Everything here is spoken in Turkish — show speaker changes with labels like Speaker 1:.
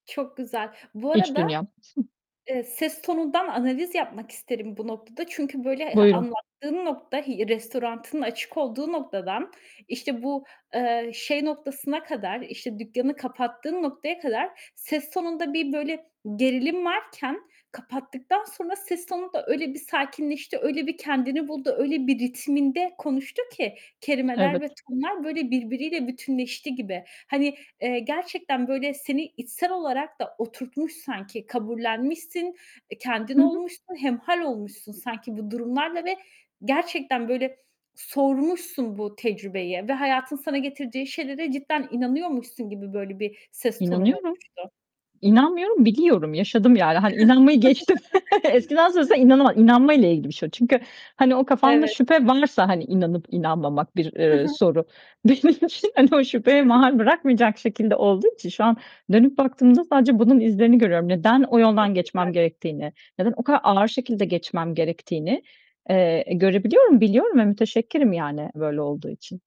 Speaker 1: Çok güzel. Bu
Speaker 2: İç
Speaker 1: arada,
Speaker 2: dünyam.
Speaker 1: eee, ses tonundan analiz yapmak isterim bu noktada çünkü böyle e
Speaker 2: Buyurun.
Speaker 1: anlattığın nokta i restoranının açık olduğu noktadan, işte bu, eee, şey noktasına kadar, işte, dükkânı kapattığın noktaya kadar ses tonunda bir böyle gerilim varken kapattıktan sonra ses tonu da öyle bir sakinleşti, öyle bir kendini buldu, öyle bir ritminde konuştu ki kelimeler ve
Speaker 2: Evet.
Speaker 1: tonlar böyle birbiriyle bütünleşti gibi. Hani, eee, gerçekten böyle seni içsel olarak da oturtmuş sanki, kabullenmişsin, eee, kendin
Speaker 2: Hı hı.
Speaker 1: olmuşsun, hemhâl olmuşsun sanki bu durumlarla ve gerçekten böyle, sormuşsun bu tecrübeyi ve hayatın sana getirdiği şeylere cidden inanıyormuşsun gibi böyle bir ses tonun
Speaker 2: İnanıyorum.
Speaker 1: oluştu.
Speaker 2: İnanmıyorum, biliyorum. Yaşadım, yani. Hani, inanmayı geçtim. Eskiden söylesen
Speaker 1: [unintelligible]
Speaker 2: inanama inanmayla ilgili bir şey o. Çünkü hani, o kafanda
Speaker 1: Evet.
Speaker 2: şüphe varsa, hani, inanıp inanmamak bir,
Speaker 1: Hı
Speaker 2: eee,
Speaker 1: hı.
Speaker 2: soru. Benim için hani, o şüpheye mahal bırakmayacak şekilde olduğu için şu an dönüp baktığımda sadece bunun izlerini görüyorum. Neden o
Speaker 1: Çok
Speaker 2: yoldan
Speaker 1: güzel.
Speaker 2: geçmem gerektiğini, neden o kadar ağır şekilde geçmem gerektiğini, eee, görebiliyorum. Biliyorum ve müteşekkirim yani, böyle olduğu için.